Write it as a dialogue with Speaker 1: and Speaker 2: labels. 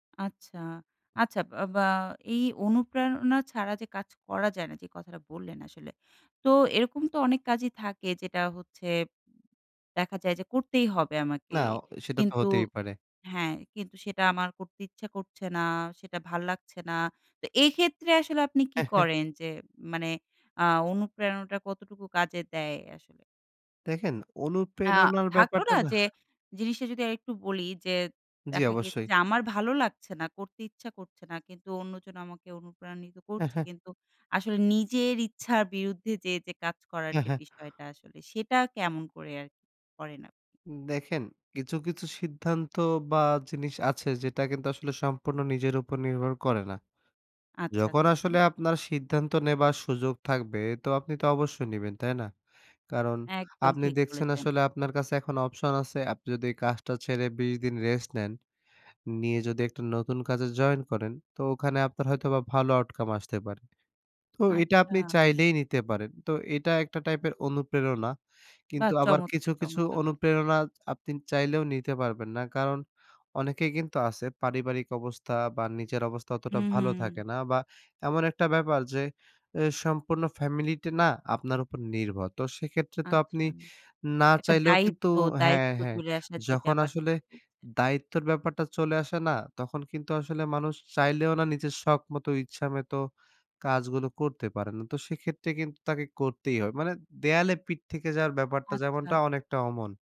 Speaker 1: আচ্ছা, আচ্ছা। বা বা এই অনুপ্রেরণা ছাড়া যে কাজ করা যায় না, যে কথাটা বললেন আসলে। তো এরকম তো অনেক কাজই থাকে যেটা হচ্ছে, দেখা যায় যে করতেই হবে আমাকে।
Speaker 2: না, অ সেটা তো
Speaker 1: কিন্তু
Speaker 2: হতেই পারে।
Speaker 1: হ্যাঁ, কিন্তু সেটা আমার করতে ইচ্ছা করছে না, সেটা ভাল লাগছে না। তো এক্ষেত্রে আসলে আপনি কি
Speaker 2: হ্যাঁ, হ্যাঁ।
Speaker 1: করেন? যে মানে আ অনুপ্রেরণাটা কতটুকু কাজে দেয় আসলে?
Speaker 2: দেখেন
Speaker 1: আ
Speaker 2: অনুপ্রেরণার
Speaker 1: থাকলো
Speaker 2: ব্যাপারটা
Speaker 1: না?
Speaker 2: নাহ
Speaker 1: যে জিনিসটা, যদি আরেকটু বলি যে,
Speaker 2: জি,
Speaker 1: দেখা গিয়েছে
Speaker 2: অবশ্যই।
Speaker 1: যে আমার ভালো লাগছে না। করতে ইচ্ছা করছে না। কিন্তু অন্যজন আমাকে অনুপ্রাণিত
Speaker 2: হ্যাঁ,
Speaker 1: করছে।
Speaker 2: হ্যাঁ।
Speaker 1: কিন্তু আসলে নিজের ইচ্ছার বিরুদ্ধে যে যে কাজ করার
Speaker 2: হ্যাঁ,
Speaker 1: যে
Speaker 2: হ্যাঁ।
Speaker 1: বিষয়টা, আসলে সেটা কেমন করে আরকি করে আপনি?
Speaker 2: উম দেখেন কিছু, কিছু সিদ্ধান্ত বা, জিনিস আছে, যেটা কিন্তু আসলে সম্পূর্ণ নিজের উপর নির্ভর করে না।
Speaker 1: আচ্ছা,
Speaker 2: যখন
Speaker 1: আচ্ছা।
Speaker 2: আসলে আপনার সিদ্ধান্ত নেবার সুযোগ থাকবে, তো আপনি তো অবশ্যই নিবেন, তাই না? কারণ,
Speaker 1: একদম
Speaker 2: আপনি
Speaker 1: ঠিক
Speaker 2: দেখছেন
Speaker 1: বলেছেন।
Speaker 2: আসলে আপনার কাছে এখন অপশন আছে। আপনি যদি কাজটা ছেড়ে ২০ দিন রেস্ট নেন। নিয়ে যদি একটা নতুন কাজে জয়েন করেন, তো ওখানে আপনার হয়তো ভালো আউটকাম আসতে পারে। তো এটা
Speaker 1: আচ্ছা।
Speaker 2: আপনি চাইলেই নিতে পারেন। তো এটা একটা টাইপের অনুপ্রেরণা।
Speaker 1: বাহ!
Speaker 2: কিন্তু আবার কিছু,
Speaker 1: চমৎকার
Speaker 2: কিছু
Speaker 1: চমৎকার বলেছেন।
Speaker 2: অনুপ্রেরণা এচ আপনি চাইলেও নিতে পারবেন না। কারণ অনেকেই কিন্তু আছে পারিবারিক অবস্থা বা, নিজের অবস্থা
Speaker 1: হু,
Speaker 2: অতটা
Speaker 1: হু।
Speaker 2: ভালো থাকে না বা, এমন একটা ব্যাপার যে, এ সম্পূর্ণ ফ্যামিলিটা না আপনার উপর নির্ভর। তো সেক্ষেত্রে তো
Speaker 1: আচ্ছা।
Speaker 2: আপনি না
Speaker 1: একটা
Speaker 2: চাইলেও কিন্তু
Speaker 1: দায়িত্ব
Speaker 2: হ্যাঁ,
Speaker 1: দায়িত্ব
Speaker 2: হ্যাঁ।
Speaker 1: চলে আসার যে
Speaker 2: যখন
Speaker 1: ব্যাপারটা।
Speaker 2: আসলে দায়িত্বের ব্যাপারটা চলে আসে না, তখন কিন্তু আসলে মানুষ চাইলেও না নিজের শখমতো, ইচ্ছামতো কাজগুলো করতে পারে না। তো সেক্ষেত্রে কিন্তু তাকে করতেই হয়। মানে দেয়ালে পিঠ থেকে যাওয়ার ব্যাপারটা
Speaker 1: আচ্ছা।
Speaker 2: যেমনটা, অনেকটা অমন।